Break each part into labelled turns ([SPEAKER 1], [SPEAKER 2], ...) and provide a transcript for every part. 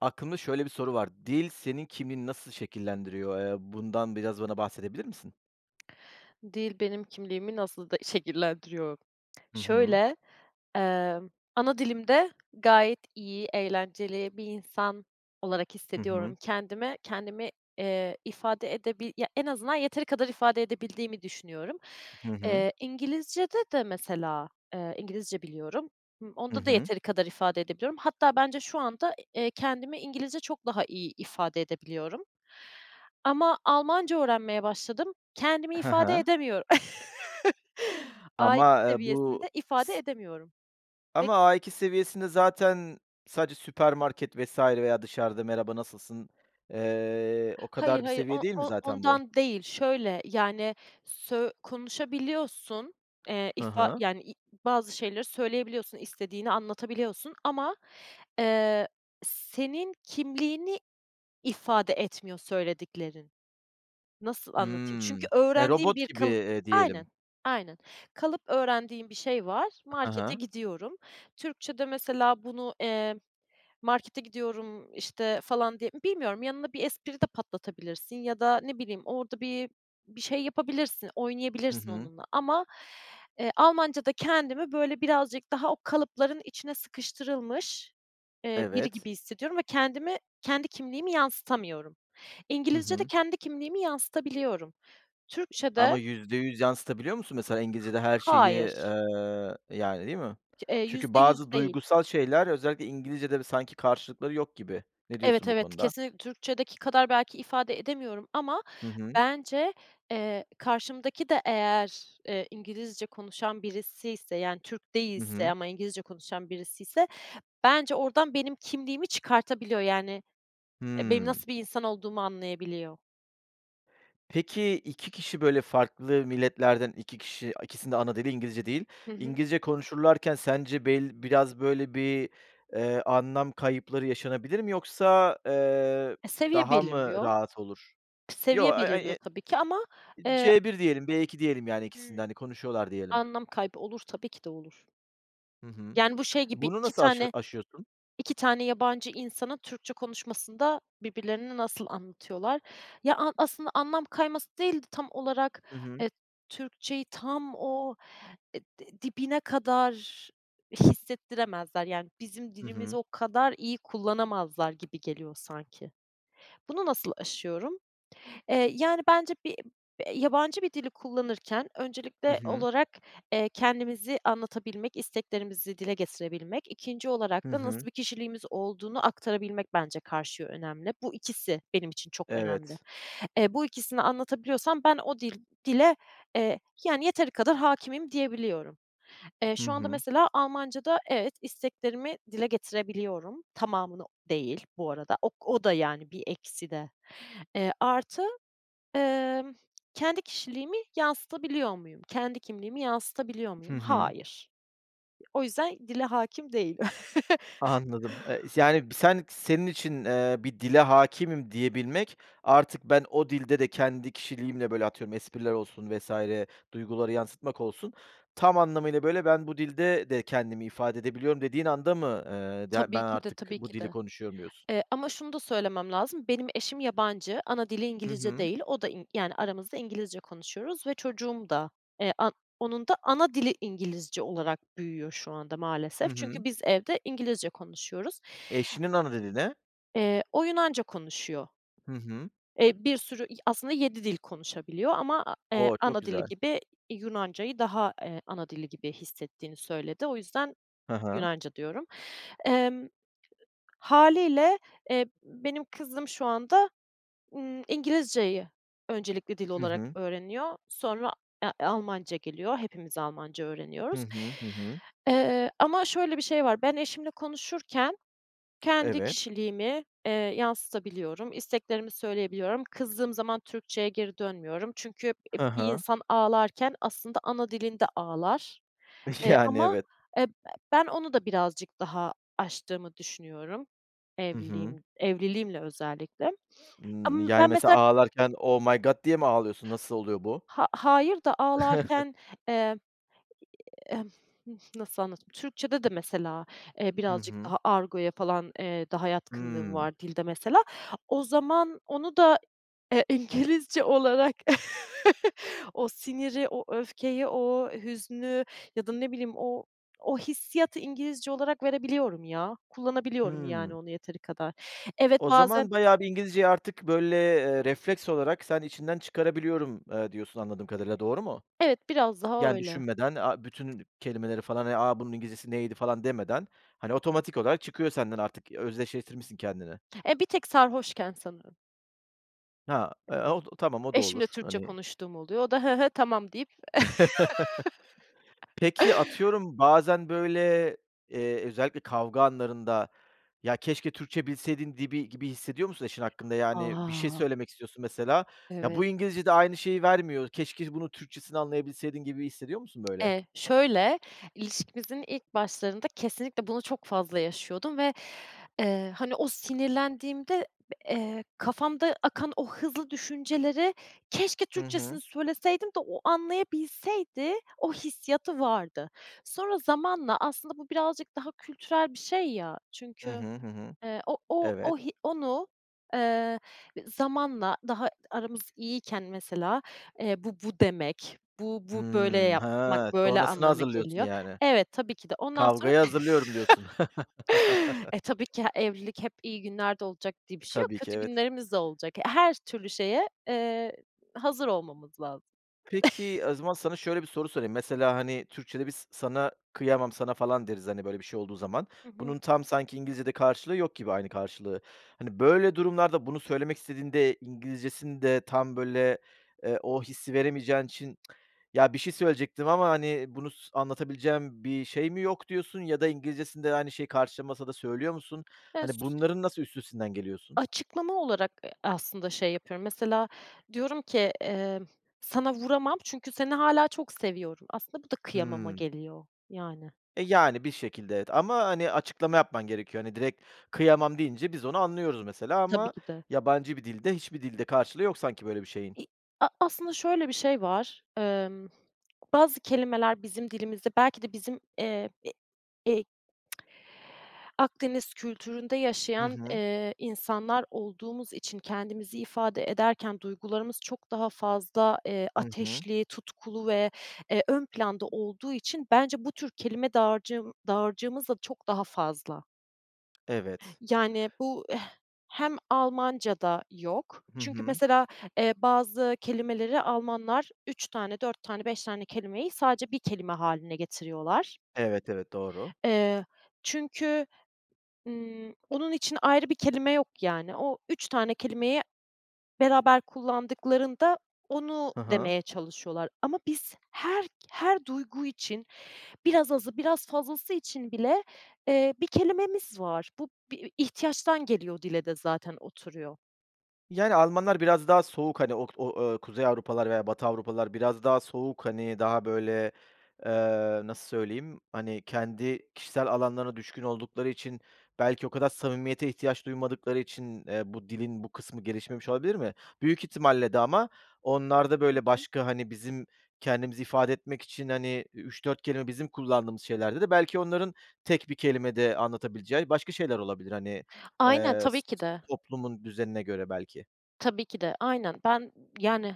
[SPEAKER 1] Aklımda şöyle bir soru var. Dil senin kimliğini nasıl şekillendiriyor? Eee, bundan biraz bana bahsedebilir misin?
[SPEAKER 2] Dil benim kimliğimi nasıl de şekillendiriyor?
[SPEAKER 1] Hı hı.
[SPEAKER 2] Şöyle, emm, anadilimde gayet iyi eğlenceli bir insan olarak
[SPEAKER 1] Hı hı.
[SPEAKER 2] hissediyorum. Kendime, kendimi, eee, ifade edebi ya, en azından yeteri kadar ifade edebildiğimi düşünüyorum.
[SPEAKER 1] Hı hı.
[SPEAKER 2] Eee, İngilizce'de de, mesela, eee, İngilizce biliyorum, ımm,
[SPEAKER 1] Hı
[SPEAKER 2] onda da
[SPEAKER 1] hı.
[SPEAKER 2] yeteri kadar ifade edebiliyorum. Hatta bence şu anda, eee, kendimi İngilizce çok daha iyi ifade edebiliyorum. Ama Almanca öğrenmeye başladım, kendimi
[SPEAKER 1] He
[SPEAKER 2] ifade
[SPEAKER 1] he.
[SPEAKER 2] edemiyor A2
[SPEAKER 1] Ama, eee, bu
[SPEAKER 2] seviyesinde ifade edemiyorum. [unintelligible]
[SPEAKER 1] Ama A2 seviyesinde zaten sadece süpermarket vs. veya dışarıda, merhaba, nasılsın, eee, o
[SPEAKER 2] Hayır,
[SPEAKER 1] kadar bir
[SPEAKER 2] hayır,
[SPEAKER 1] seviye
[SPEAKER 2] o
[SPEAKER 1] değil mi
[SPEAKER 2] o
[SPEAKER 1] zaten bu?
[SPEAKER 2] ondan değil, şöyle, yani, sö konuşabiliyorsun, eee,
[SPEAKER 1] Hı
[SPEAKER 2] ifa
[SPEAKER 1] hı.
[SPEAKER 2] yani, i bazı şeyleri söyleyebiliyorsun, istediğini anlatabiliyorsun ama, eee, senin kimliğini ifade etmiyor söylediklerin. Nasıl anlatayım?
[SPEAKER 1] Hımm.
[SPEAKER 2] Çünkü
[SPEAKER 1] Ya,
[SPEAKER 2] öğrendiğin
[SPEAKER 1] robot
[SPEAKER 2] bir
[SPEAKER 1] gibi,
[SPEAKER 2] kalıp,
[SPEAKER 1] eee, diyelim.
[SPEAKER 2] aynen, aynen, kalıp öğrendiğin bir şey var,
[SPEAKER 1] Hı
[SPEAKER 2] markete
[SPEAKER 1] hı.
[SPEAKER 2] gidiyorum, Türkçe'de, mesela, bunu, eee, markete gidiyorum, işte, falan, di bilmiyorum, yanına bir espri de patlatabilirsin ya da ne bileyim orada bir bir şey yapabilirsin,
[SPEAKER 1] Hı
[SPEAKER 2] oynayabilirsin
[SPEAKER 1] hı.
[SPEAKER 2] onunla ama, eee, Almanca'da kendimi, böyle, birazcık daha o kalıpların içine sıkıştırılmış, eee, biri
[SPEAKER 1] Evet.
[SPEAKER 2] gibi hissediyorum ve kendimi, kendi kimliğimi yansıtamıyorum.
[SPEAKER 1] Hı
[SPEAKER 2] İngilizce'de
[SPEAKER 1] hı.
[SPEAKER 2] kendi kimliğimi yansıtabiliyorum.
[SPEAKER 1] Ama
[SPEAKER 2] Türkçe'de
[SPEAKER 1] %100 yansıtabiliyor musun, mesela, İngilizce'de her şeyi,
[SPEAKER 2] Hayır.
[SPEAKER 1] eee, yani, değil mi?
[SPEAKER 2] K eee,
[SPEAKER 1] Çünkü
[SPEAKER 2] %100
[SPEAKER 1] bazı
[SPEAKER 2] değil.
[SPEAKER 1] duygusal şeyler, özellikle İngilizce'de bö sanki karşılıkları yok gibi. Ne
[SPEAKER 2] Evet,
[SPEAKER 1] diyorsun bu
[SPEAKER 2] evet,
[SPEAKER 1] konuda?
[SPEAKER 2] kesin Türkçe'deki kadar belki ifade edemiyorum ama
[SPEAKER 1] Hı hı.
[SPEAKER 2] bence, eee, karşımdaki de eğer, eee, İngilizce konuşan birisiyse, yani, Türk
[SPEAKER 1] Hı
[SPEAKER 2] değilse
[SPEAKER 1] hı.
[SPEAKER 2] ama İngilizce konuşan birisiyse, bence oradan benim kimliğimi çıkartabiliyor, yani, benim
[SPEAKER 1] Hımm.
[SPEAKER 2] nasıl bir insan olduğumu anlayabiliyor.
[SPEAKER 1] Peki, 2 kişi, böyle, farklı milletlerden 2 kişi ikisininde ana dili İngilizce değil,
[SPEAKER 2] Hı hı.
[SPEAKER 1] İngilizce konuşurlarken sence bel biraz, böyle, bir, eee, anlam kayıpları yaşanabilir mi yoksa, eee,
[SPEAKER 2] E, seviye
[SPEAKER 1] daha mı
[SPEAKER 2] belirliyor.
[SPEAKER 1] rahat olur? Yo,
[SPEAKER 2] Seviye belirliyor
[SPEAKER 1] [unintelligible]
[SPEAKER 2] tabii ki ama, eee
[SPEAKER 1] C1 diyelim B2 diyelim, yani, ikisini de,
[SPEAKER 2] Hıı.
[SPEAKER 1] hani, konuşuyorlar, diyelim.
[SPEAKER 2] Anlam kaybı olur, tabii ki de olur.
[SPEAKER 1] Hı hı.
[SPEAKER 2] Yani bu şey gibi
[SPEAKER 1] Bunu
[SPEAKER 2] 2
[SPEAKER 1] nasıl aşı
[SPEAKER 2] tane,
[SPEAKER 1] aşıyorsun?
[SPEAKER 2] 2 tane yabancı insanın Türkçe konuşmasında birbirlerini nasıl anlatıyorlar? Ya a aslında anlam kayması değil de tam olarak,
[SPEAKER 1] Hı hı.
[SPEAKER 2] eee, Türkçeyi tam o di dibine kadar hissettiremezler. Yani, bizim
[SPEAKER 1] Hı
[SPEAKER 2] dilimizi
[SPEAKER 1] hı.
[SPEAKER 2] o kadar iyi kullanamazlar gibi geliyor, sanki. Bunu nasıl aşıyorum? Eee, yani bence [unintelligible] yabancı bir dili kullanırken
[SPEAKER 1] Hı
[SPEAKER 2] öncelikle
[SPEAKER 1] hı.
[SPEAKER 2] olarak, eee, kendimizi anlatabilmek, isteklerimizi dile getirebilmek, 2'nci
[SPEAKER 1] Hı
[SPEAKER 2] olarak da nasıl
[SPEAKER 1] hı.
[SPEAKER 2] bir kişiliğimiz olduğunu aktarabilmek bence karşıya önemli. Bu ikisi benim için çok önemli.
[SPEAKER 1] Evet.
[SPEAKER 2] Eee, bu ikisini anlatabiliyorsam ben o dil dile, eee, yani yeteri kadar hâkimim diyebiliyorum. Eee,
[SPEAKER 1] Hı
[SPEAKER 2] şu anda
[SPEAKER 1] hı.
[SPEAKER 2] mesela Almancada evet, isteklerimi dile getirebiliyorum, tamamını değil bu arada, o o da, yani, bir eksi de. Eee, artı, emm, kendi kişiliğimi yansıtabiliyor muyum? Kendi kimliğimi yansıtabiliyor
[SPEAKER 1] Hı
[SPEAKER 2] muyum?
[SPEAKER 1] hı.
[SPEAKER 2] Hayır. O yüzden dile hâkim değilim.
[SPEAKER 1] Anladım, eee, yani, sen senin için, eee, bir dile hâkimim diyebilmek artık ben o dilde de kendi kişiliğimle, böyle, atıyorum, espriler olsun vs. duyguları yansıtmak olsun. Tam anlamıyla, böyle, ben bu dilde de kendimi ifade edebiliyorum dediğin anda mı, eee, ya,
[SPEAKER 2] Tabii
[SPEAKER 1] ben
[SPEAKER 2] ki de,
[SPEAKER 1] artık
[SPEAKER 2] tabii
[SPEAKER 1] bu
[SPEAKER 2] ki
[SPEAKER 1] dili
[SPEAKER 2] de,
[SPEAKER 1] konuşuyorum diyorsun?
[SPEAKER 2] eee, ama şunu da söylemem lazım, benim eşim yabancı, ana dili
[SPEAKER 1] Hı
[SPEAKER 2] İngilizce
[SPEAKER 1] hı.
[SPEAKER 2] değil. O da, in yani, aramızda İngilizce konuşuyoruz ve çocuğum da, eee, an onun da ana dili İngilizce olarak büyüyor şu anda,
[SPEAKER 1] Hı
[SPEAKER 2] maalesef.
[SPEAKER 1] hı.
[SPEAKER 2] Çünkü biz evde İngilizce konuşuyoruz.
[SPEAKER 1] Eşinin ana dili ne?
[SPEAKER 2] Eee, o Yunanca konuşuyor.
[SPEAKER 1] Hı hı.
[SPEAKER 2] Eee, bir sürü i aslında 7 dil konuşabiliyor ama a eee,
[SPEAKER 1] O! Çok
[SPEAKER 2] ana dili
[SPEAKER 1] güzel.
[SPEAKER 2] gibi Yunanca'yı daha, eee, ana dili gibi hissettiğini söyledi. O yüzden
[SPEAKER 1] Ha ha.
[SPEAKER 2] Yunanca diyorum. Emm, hâliyle, eee, benim kızım şu anda, ııı, İngilizce'yi öncelikli dil
[SPEAKER 1] Hı
[SPEAKER 2] olarak
[SPEAKER 1] hı.
[SPEAKER 2] öğreniyor, sonra, e Almanca geliyor, hepimiz Almanca
[SPEAKER 1] Hı
[SPEAKER 2] öğreniyoruz.
[SPEAKER 1] hı, hı hı.
[SPEAKER 2] Eee, ama şöyle bir şey var, ben eşimle konuşurken kendi
[SPEAKER 1] Evet.
[SPEAKER 2] kişiliğimi, eee, yansıtabiliyorum, isteklerimi söyleyebiliyorum, kızdığım zaman Türkçe'ye geri dönmüyorum. Çünkü, eee,
[SPEAKER 1] Ha
[SPEAKER 2] bir
[SPEAKER 1] ha.
[SPEAKER 2] insan ağlarken aslında ana dilinde ağlar, eee,
[SPEAKER 1] Yani,
[SPEAKER 2] ama,
[SPEAKER 1] evet.
[SPEAKER 2] eee, b ben onu da birazcık daha aştığımı düşünüyorum,
[SPEAKER 1] Hı hı.
[SPEAKER 2] evliliğim evliliğimle özellikle.
[SPEAKER 1] Hımm,
[SPEAKER 2] Am
[SPEAKER 1] yani,
[SPEAKER 2] ben
[SPEAKER 1] mesela,
[SPEAKER 2] mesela
[SPEAKER 1] ağlarken oh my god, diye mi ağlıyorsun, nasıl oluyor bu?
[SPEAKER 2] Ha hayır da ağlarken, eee, emm, nasıl anlatayım? Türkçe'de de mesela, eee,
[SPEAKER 1] Hı
[SPEAKER 2] birazcık
[SPEAKER 1] hı.
[SPEAKER 2] daha argoya falan, eee, daha yatkınlığım
[SPEAKER 1] Hımm.
[SPEAKER 2] var dilde, mesela, o zaman onu da, eee, İngilizce olarak, o siniri, o öfkeyi, o hüznü ya da, ne bileyim, o o hissiyatı İngilizce olarak verebiliyorum, ya, kullanabiliyorum, yani,
[SPEAKER 1] Hımm.
[SPEAKER 2] onu yeteri kadar. Evet,
[SPEAKER 1] O
[SPEAKER 2] bazen
[SPEAKER 1] zaman bayağı bir İngilizceyi artık, böyle, eee, refleks olarak sen içinden çıkarabiliyorum, eee, diyorsun anladığım kadarıyla, doğru mu?
[SPEAKER 2] Evet, biraz daha
[SPEAKER 1] Yani,
[SPEAKER 2] öyle.
[SPEAKER 1] düşünmeden a bütün kelimeleri falan, eee, a bunun İngilizcesi neydi falan demeden, hani, otomatik olarak çıkıyor senden artık. Özdeşleştirmişsin kendini.
[SPEAKER 2] Eee, bir tek sarhoşken sanırım.
[SPEAKER 1] Ha, eee, o tamam o da
[SPEAKER 2] Eşimle
[SPEAKER 1] olur,
[SPEAKER 2] Türkçe
[SPEAKER 1] hani?
[SPEAKER 2] konuştuğum oluyor, o da hı hı, tamam deyip
[SPEAKER 1] Peki, atıyorum, bazen, böyle, eee, özellikle kavga anlarında, ya, keşke Türkçe bilseydin dibi gibi hissediyor musun eşin hakkında? Yani, bir şey
[SPEAKER 2] A!
[SPEAKER 1] söylemek istiyorsun, mesela, ya,
[SPEAKER 2] Evet.
[SPEAKER 1] bu İngilizce'de aynı şeyi vermiyor. Keşke bunun Türkçesini anlayabilseydin gibi hissediyor musun, böyle?
[SPEAKER 2] Eee, şöyle, ilişkimizin ilk başlarında kesinlikle bunu çok fazla yaşıyordum ve, eee, hani, o sinirlendiğimde b eee, kafamda akan o hızlı düşünceleri keşke
[SPEAKER 1] Hı
[SPEAKER 2] Türkçesini
[SPEAKER 1] hı.
[SPEAKER 2] söyleseydim de o anlayabilseydi, o hissiyatı vardı. Sonra zamanla, aslında bu birazcık daha kültürel bir şey, ya,
[SPEAKER 1] Hı
[SPEAKER 2] çünkü
[SPEAKER 1] hı, hı hı.
[SPEAKER 2] eee, o o
[SPEAKER 1] Evet.
[SPEAKER 2] o hi onu, eee, zamanla daha aramız iyiyken, mesela, eee, bu bu demek, bu bu böyle
[SPEAKER 1] Hımm.
[SPEAKER 2] yapmak,
[SPEAKER 1] Ha,
[SPEAKER 2] böyle
[SPEAKER 1] sonrasına
[SPEAKER 2] anlama
[SPEAKER 1] hazırlıyorsun,
[SPEAKER 2] geliyor.
[SPEAKER 1] yani?
[SPEAKER 2] Evet, tabii ki de ondan sonra,
[SPEAKER 1] Kavgayı hazırlıyorum, diyorsun.
[SPEAKER 2] e, tabii ki he evlilik hep iyi günlerde olacak diye bir
[SPEAKER 1] E,
[SPEAKER 2] şey yok,
[SPEAKER 1] tabii ki,
[SPEAKER 2] kötü
[SPEAKER 1] evet.
[SPEAKER 2] günlerimiz de olacak, her türlü şeye, eee, hazır olmamız lazım.
[SPEAKER 1] Peki, o zaman sana şöyle bir soru sorayım, mesela, hani, Türkçe'de bir s sana kıyamam sana, falan, deriz, hani, böyle, bir şey olduğu zaman.
[SPEAKER 2] Hı hı.
[SPEAKER 1] Bunun tam sanki İngilizce'de karşılığı yok gibi, aynı karşılığı. Hani, böyle, durumlarda, bunu söylemek istediğinde İngilizce'sinde tam, böyle, eee, o hissi veremeyeceğin için ya, bir şey söyleyecektim ama, hani, bunu s anlatabileceğim bir şey mi yok diyorsun ya da İngilizce'sinde aynı şeyi karşılamasa da söylüyor musun? Hani, bunların
[SPEAKER 2] [unintelligible]
[SPEAKER 1] nasıl üstesinden geliyorsun?
[SPEAKER 2] Açıklama olarak, eee, aslında şey yapıyorum, mesela, diyorum ki, emm, sana vuramam çünkü seni hâlâ çok seviyorum. Aslında bu da kıyamama
[SPEAKER 1] Hımm.
[SPEAKER 2] geliyor, yani.
[SPEAKER 1] E, yani, bir şekilde, evet ama, hani, açıklama yapman gerekiyor. Hani, direkt kıyamam deyince biz onu anlıyoruz, mesela,
[SPEAKER 2] Tabii
[SPEAKER 1] ama
[SPEAKER 2] ki de.
[SPEAKER 1] yabancı bir dilde, hiçbir dilde karşılığı yok sanki böyle bir şeyin.
[SPEAKER 2] İ a aslında şöyle bir şey var, emm, bazı kelimeler bizim dilimizde belki de bizim, eee, e e Akdeniz kültüründe
[SPEAKER 1] Hı
[SPEAKER 2] yaşayan,
[SPEAKER 1] hı.
[SPEAKER 2] eee, insanlar olduğumuz için kendimizi ifade ederken duygularımız çok daha fazla, eee,
[SPEAKER 1] Hı hı.
[SPEAKER 2] ateşli, tutkulu ve, eee, ön planda olduğu için bence bu tür kelime dağarcığım dağarcığımız da çok daha fazla.
[SPEAKER 1] Evet.
[SPEAKER 2] Yani, bu, eh hem Almancada yok
[SPEAKER 1] Hı
[SPEAKER 2] çünkü
[SPEAKER 1] hı.
[SPEAKER 2] mesela, eee, bazı kelimeleri Almanlar 3 tane, 4 tane, 5 tane kelimeyi sadece 1 kelime hâline getiriyorlar.
[SPEAKER 1] Evet, evet, doğru.
[SPEAKER 2] Eee, çünkü, ımm, onun için ayrı bir kelime yok, yani, o 3 tane kelimeyi beraber kullandıklarında onu
[SPEAKER 1] Hı hı.
[SPEAKER 2] demeye çalışıyorlar. Ama biz her k her duygu için biraz azı biraz fazlası için bile, eee, bir kelimemiz var. Bu bir ihtiyaçtan geliyor, dile de zaten oturuyor.
[SPEAKER 1] Yani, Almanlar biraz daha soğuk. Hani, ok o o, kuzey Avrupalılar veya batı Avrupalılar biraz daha soğuk. Hani, daha, böyle, eee, nasıl söyleyeyim? Hani, kendi kişisel alanlarına düşkün oldukları için belki o kadar samimiyete ihtiyaç duymadıkları için, eee, bu dilin bu kısmı gelişmemiş olabilir mi? Büyük ihtimalle de ama onlarda, böyle,
[SPEAKER 2] [unintelligible]
[SPEAKER 1] başka, hani, bizim kendimizi ifade etmek için, hani, 3-4 kelime bizim kullandığımız şeylerde de belki onların tek bir kelimede anlatabileceği başka şeyler olabilir, hani,
[SPEAKER 2] Aynen,
[SPEAKER 1] eee,
[SPEAKER 2] tabii
[SPEAKER 1] s
[SPEAKER 2] ki
[SPEAKER 1] s
[SPEAKER 2] de.
[SPEAKER 1] toplumun düzenine göre belki.
[SPEAKER 2] Tabii ki de aynen ben, yani,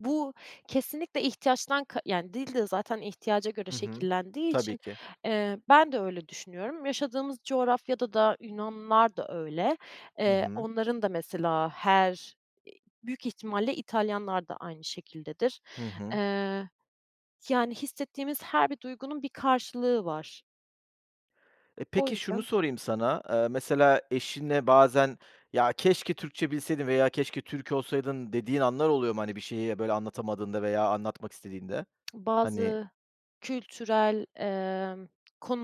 [SPEAKER 2] bu kesinlikle ihtiyaçtan ka yani, dil de zaten ihtiyaca göre
[SPEAKER 1] Hı hı,
[SPEAKER 2] şekillendiği
[SPEAKER 1] tabii
[SPEAKER 2] için,
[SPEAKER 1] ki.
[SPEAKER 2] eee, ben de öyle düşünüyorum. Yaşadığımız coğrafyada da Yunanlılar da öyle,
[SPEAKER 1] Hı
[SPEAKER 2] eee,
[SPEAKER 1] hı.
[SPEAKER 2] onların da mesela, her i büyük ihtimalle İtalyanlar da aynı şekildedir.
[SPEAKER 1] Hı hı.
[SPEAKER 2] Eee, yani, hissettiğimiz her bir duygunun bir karşılığı var.
[SPEAKER 1] E,
[SPEAKER 2] O
[SPEAKER 1] peki şunu
[SPEAKER 2] yüzden
[SPEAKER 1] sorayım sana, ııı, mesela eşine bazen ya, “Keşke Türkçe bilseydin.” veya “Keşke Türk olsaydın.” dediğin anlar oluyor mu? Hani, bir şeyi, böyle, anlatamadığında veya anlatmak istediğinde, hani
[SPEAKER 2] Bazı kültürel, emm,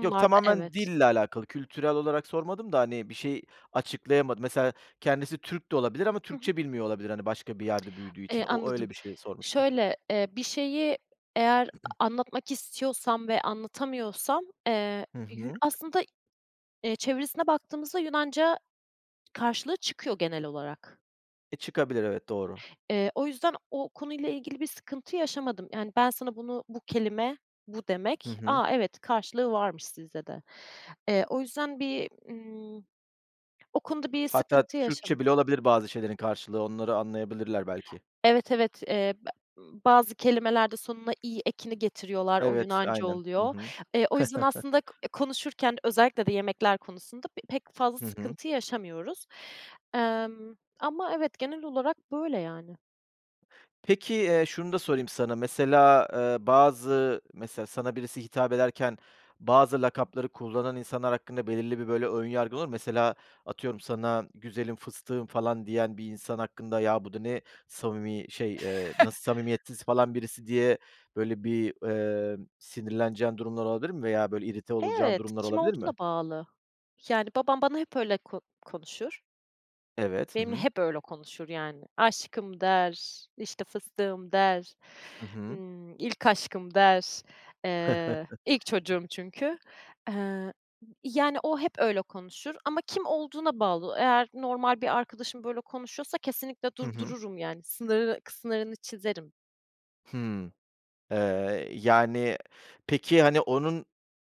[SPEAKER 1] Yok, tamamen
[SPEAKER 2] evet.
[SPEAKER 1] dille alakalı, kültürel olarak sormadım da, hani, bir şeyi açıklayamadın, mesela, kendisi Türk de olabilir ama
[SPEAKER 2] Hı hı.
[SPEAKER 1] Türkçe bilmiyor olabilir. Hani, başka bir yerde büyüdüğü
[SPEAKER 2] Eee,
[SPEAKER 1] için o
[SPEAKER 2] anladım,
[SPEAKER 1] öyle bir şey sormuştum.
[SPEAKER 2] şöyle, eee, bir şeyi eğer a anlatmak istiyorsam ve anlatamıyorsam, eee,
[SPEAKER 1] Hı
[SPEAKER 2] yü
[SPEAKER 1] hı.
[SPEAKER 2] aslında, eee, çevirisine baktığımızda Yunanca karşılığı çıkıyor genel olarak.
[SPEAKER 1] E, çıkabilir evet, doğru.
[SPEAKER 2] Eee, o yüzden o konuyla ilgili bir sıkıntı yaşamadım. Yani, ben sana bunu bu kelime, bu
[SPEAKER 1] Hı
[SPEAKER 2] demek.
[SPEAKER 1] hı.
[SPEAKER 2] A! Evet karşılığı varmış sizde de. Eee, o yüzden bir, ımm, o konuda bir
[SPEAKER 1] Hatta
[SPEAKER 2] sıkıntı yaşama
[SPEAKER 1] Türkçe bile olabilir bazı şeylerin karşılığı. Onları anlayabilirler, belki.
[SPEAKER 2] Evet, evet, eee, [unintelligible] bazı kelimeler de sonuna "i" ekini getiriyorlar. O
[SPEAKER 1] Evet,
[SPEAKER 2] Yunanca
[SPEAKER 1] aynen, hı
[SPEAKER 2] oluyor.
[SPEAKER 1] hı.
[SPEAKER 2] Eee, o yüzden aslında k konuşurken özellikle de yemekler konusunda b pek fazla
[SPEAKER 1] Hı hı.
[SPEAKER 2] sıkıntı yaşamıyoruz. Emm, ama evet, genel olarak böyle, yani.
[SPEAKER 1] Peki, eee, şunu da sorayım sana. Mesela, eee, bazı mesela sana birisi hitap ederken bazı lakapları kullanan insanlar hakkında belirli bir, böyle, ön yargın olur mu? Mesela atıyorum sana güzelim, fıstığım falan diyen bir insan hakkında ya, bu da ne samimi şey, eee, nasıl samimiyetsiz falan birisi diye, böyle, bir, ııı, sinirleneceğin durumlar olabilir mi veya, böyle, irite olacağın
[SPEAKER 2] Evet,
[SPEAKER 1] durumlar
[SPEAKER 2] kim
[SPEAKER 1] olabilir mi?
[SPEAKER 2] olduğuna bağlı. Yani, babam bana hep öyle ko konuşur.
[SPEAKER 1] Evet, hı
[SPEAKER 2] Benimle
[SPEAKER 1] hı.
[SPEAKER 2] hep öyle konuşur, yani. Aşkım der, işte, fıstığım der.
[SPEAKER 1] Hı hı.
[SPEAKER 2] Imm, ilk aşkım der. Eee, ilk çocuğum çünkü, eee, yani, o hep öyle konuşur ama kim olduğuna bağlı. Eğer normal bir arkadaşım böyle konuşuyorsa kesinlikle
[SPEAKER 1] Hı hı.
[SPEAKER 2] durdururum, yani, sınırı kı sınırını çizerim.
[SPEAKER 1] Hımm. Eee, yani, peki, hani, onun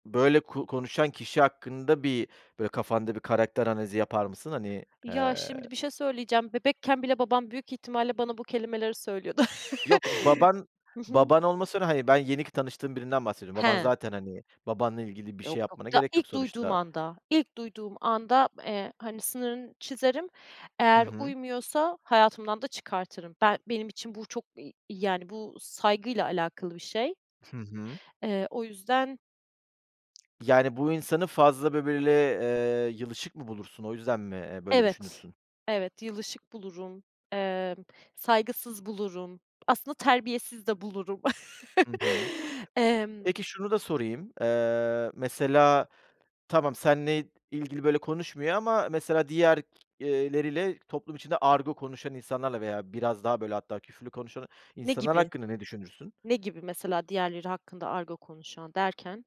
[SPEAKER 1] böyle ku konuşan kişi hakkında bir böyle kafanda bir karakter analizi yapar mısın? Hani,
[SPEAKER 2] Ya,
[SPEAKER 1] eee
[SPEAKER 2] şimdi, bir şey söyleyeceğim, bebekken bile babam, büyük ihtimalle, bana bu kelimeleri söylüyordu.
[SPEAKER 1] Yok, baban
[SPEAKER 2] Hı hı.
[SPEAKER 1] baban olmasıyla, hani, ben yeni ki tanıştığım birinden bahsediyorum. Baban
[SPEAKER 2] He.
[SPEAKER 1] zaten, hani, babanla ilgili bir
[SPEAKER 2] Yok,
[SPEAKER 1] şey
[SPEAKER 2] yok.
[SPEAKER 1] yapmana
[SPEAKER 2] Daha
[SPEAKER 1] gerek yok
[SPEAKER 2] ilk duyduğum
[SPEAKER 1] sonuçta.
[SPEAKER 2] anda, ilk duyduğum anda, eee, hani, sınırını çizerim,
[SPEAKER 1] Hı
[SPEAKER 2] eğer
[SPEAKER 1] hı.
[SPEAKER 2] uymuyorsa hayatımdan da çıkartırım. Ben benim için bu çok, ı yani, bu saygıyla alakalı bir şey.
[SPEAKER 1] Hı hı.
[SPEAKER 2] Eee, o yüzden
[SPEAKER 1] Yani, bu insanı fazla bö böyle, eee, yılışık mı bulursun? O yüzden mi, eee, böyle
[SPEAKER 2] Evet,
[SPEAKER 1] düşünürsün?
[SPEAKER 2] evet yılışık bulurum, emm, saygısız bulurum, aslında terbiyesiz de bulurum.
[SPEAKER 1] Hı hı.
[SPEAKER 2] Emm
[SPEAKER 1] Peki şunu da sorayım, eee, mesela tamam senle ilgili böyle konuşmuyor ama, mesela diğerleriyle toplum içinde argo konuşan insanlarla veya biraz daha böyle, hatta, küfürlü konuşan
[SPEAKER 2] Ne
[SPEAKER 1] insanlar
[SPEAKER 2] gibi?
[SPEAKER 1] hakkında ne düşünürsün?
[SPEAKER 2] Ne gibi mesela diğerleri hakkında argo konuşan derken?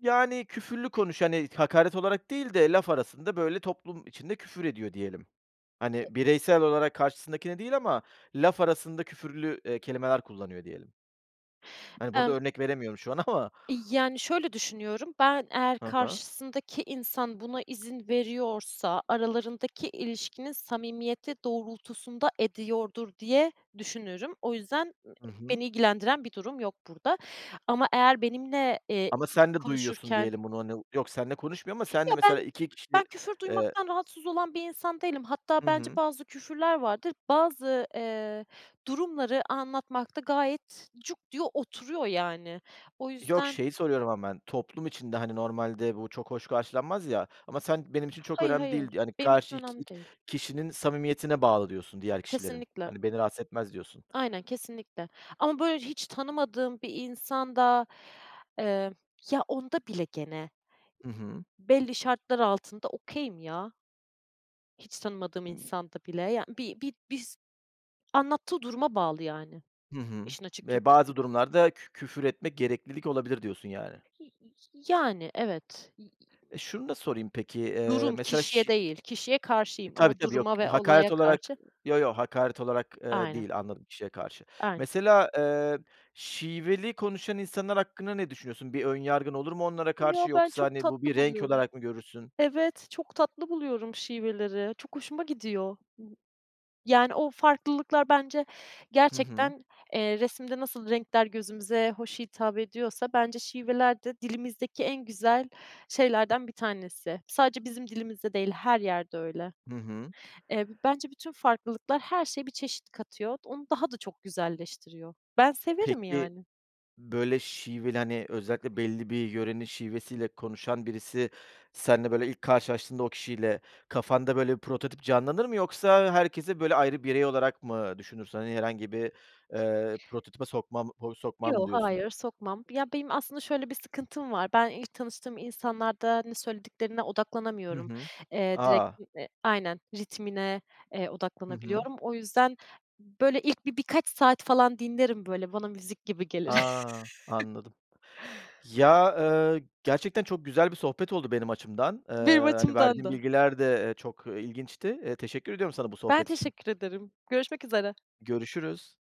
[SPEAKER 1] Yani, küfürlü konuş hani, hakaret olarak değil de, laf arasında, böyle, toplum içinde küfür ediyor diyelim. Hani, bireysel olarak karşısındakine değil ama laf arasında küfürlü, eee, kelimeler kullanıyor, diyelim. Hani, burada
[SPEAKER 2] Emm
[SPEAKER 1] örnek veremiyorum şu an ama.
[SPEAKER 2] yani, şöyle düşünüyorum, ben eğer
[SPEAKER 1] Ha ha.
[SPEAKER 2] karşısındaki insan buna izin veriyorsa, aralarındaki ilişkinin samimiyeti doğrultusunda ediyordur, diye düşünürüm. O yüzden
[SPEAKER 1] Hı hı.
[SPEAKER 2] beni ilgilendiren bir durum yok burada ama eğer benimle, eee,
[SPEAKER 1] Ama sen de duyuyorsun,
[SPEAKER 2] konuşurken
[SPEAKER 1] diyelim bunu, hani, yok seninle konuşmuyor ama
[SPEAKER 2] Ya,
[SPEAKER 1] seninle mesela
[SPEAKER 2] ben
[SPEAKER 1] 2
[SPEAKER 2] ben
[SPEAKER 1] kişi,
[SPEAKER 2] küfür
[SPEAKER 1] eee
[SPEAKER 2] duymaktan rahatsız olan bir insan değilim, hatta
[SPEAKER 1] Hı
[SPEAKER 2] bence
[SPEAKER 1] hı.
[SPEAKER 2] bazı küfürler vardır, bazı, eee, durumları anlatmakta gayet cuk diyor, oturuyor, yani. O
[SPEAKER 1] Yok,
[SPEAKER 2] yüzden
[SPEAKER 1] şeyi soruyorum ama ben, toplum içinde, hani, normalde bu çok hoş karşılanmaz, ya, ama sen benim için çok
[SPEAKER 2] Hayır,
[SPEAKER 1] önemli değil,
[SPEAKER 2] hayır,
[SPEAKER 1] yani,
[SPEAKER 2] benim için
[SPEAKER 1] karşı ik
[SPEAKER 2] önemli
[SPEAKER 1] ik i
[SPEAKER 2] değil.
[SPEAKER 1] kişinin samimiyetine bağlı diyorsun diğer kişilerin.
[SPEAKER 2] Kesinlikle.
[SPEAKER 1] Hani, beni rahatsız etmez diyorsun.
[SPEAKER 2] Aynen kesinlikle. Ama, böyle, hiç tanımadığım bir insan da, eee, ya, onda bile gene.
[SPEAKER 1] Hı hı.
[SPEAKER 2] Belli şartlar altında okay'im ya. Hiç tanımadığım insanda bile, yani, bi bi biz anlattığı duruma bağlı, yani,
[SPEAKER 1] Hı hı,
[SPEAKER 2] işin açık
[SPEAKER 1] eee,
[SPEAKER 2] Türkçesi.
[SPEAKER 1] bazı durumlarda kü küfür etmek gereklilik olabilir, diyorsun, yani.
[SPEAKER 2] [unintelligible] Yani, evet.
[SPEAKER 1] E, şunu da sorayım, peki,
[SPEAKER 2] [unintelligible]
[SPEAKER 1] eee,
[SPEAKER 2] Durum
[SPEAKER 1] mesela
[SPEAKER 2] kişiye
[SPEAKER 1] şi
[SPEAKER 2] değil, kişiye
[SPEAKER 1] E,
[SPEAKER 2] karşıyım
[SPEAKER 1] tabii,
[SPEAKER 2] ama
[SPEAKER 1] tabii, yok
[SPEAKER 2] duruma
[SPEAKER 1] k
[SPEAKER 2] ve
[SPEAKER 1] hakaret
[SPEAKER 2] olaya
[SPEAKER 1] olarak,
[SPEAKER 2] karşı
[SPEAKER 1] yo, yo, hakaret olarak, eee,
[SPEAKER 2] Aynen.
[SPEAKER 1] değil anladım kişiye karşı.
[SPEAKER 2] Aynen.
[SPEAKER 1] Mesela, eee, şiveli konuşan insanlar hakkında ne düşünüyorsun? Bir ön yargın olur mu onlara karşı
[SPEAKER 2] Yo, ben
[SPEAKER 1] yoksa,
[SPEAKER 2] çok
[SPEAKER 1] hani, bu bir
[SPEAKER 2] tatlı
[SPEAKER 1] renk
[SPEAKER 2] buluyorum.
[SPEAKER 1] olarak mı görürsün?
[SPEAKER 2] Evet. Çok tatlı buluyorum şiveleri. Çok hoşuma gidiyor. Yani, o farklılıklar bence
[SPEAKER 1] Hı hı.
[SPEAKER 2] gerçekten, eee, resimde nasıl renkler gözümüze hoş hitap ediyorsa bence şivelerde dilimizdeki en güzel şeylerden bir tanesi. Sadece bizim dilimizde değil, her yerde öyle.
[SPEAKER 1] Hı hı.
[SPEAKER 2] Eee, bence bütün farklılıklar her şeye bir çeşit katıyor. Onu daha da çok güzelleştiriyor. Ben severim,
[SPEAKER 1] Peki.
[SPEAKER 2] yani.
[SPEAKER 1] Böyle şiveli, hani, özellikle belli bir yörenin şivesiyle konuşan birisi seninle, böyle, ilk karşılaştığında o kişiyle kafanda, böyle, prototip canlanır mı? Yoksa herkesi, böyle, ayrı birey olarak mı düşünürsün? Hani, herhangi bir, eee, prototipe sokmam ho sokmam mı,
[SPEAKER 2] Yo,
[SPEAKER 1] diyorsun?
[SPEAKER 2] hayır sokmam. Ya benim aslında şöyle bir sıkıntım var. Ben ilk tanıştığım insanlarda ne söylediklerine
[SPEAKER 1] Hı
[SPEAKER 2] odaklanamıyorum.
[SPEAKER 1] hı.
[SPEAKER 2] Eee, direkt
[SPEAKER 1] A!
[SPEAKER 2] [unintelligible] aynen ritmine, eee,
[SPEAKER 1] Hı hı.
[SPEAKER 2] odaklanabiliyorum. O yüzden, böyle, ilk bi birkaç saat falan dinlerim böyle, bana müzik gibi gelir.
[SPEAKER 1] A! Anladım. Ya, ııı, gerçekten çok güzel bir sohbet oldu benim açımdan. Eee,
[SPEAKER 2] Benim
[SPEAKER 1] hani,
[SPEAKER 2] açımdan
[SPEAKER 1] verdiğin
[SPEAKER 2] da.
[SPEAKER 1] bilgiler de, eee, çok, ııı, ilginçti. Eee, teşekkür ediyorum sana bu
[SPEAKER 2] Ben
[SPEAKER 1] sohbet için.
[SPEAKER 2] teşekkür ederim görüşmek üzere.
[SPEAKER 1] Görüşürüz.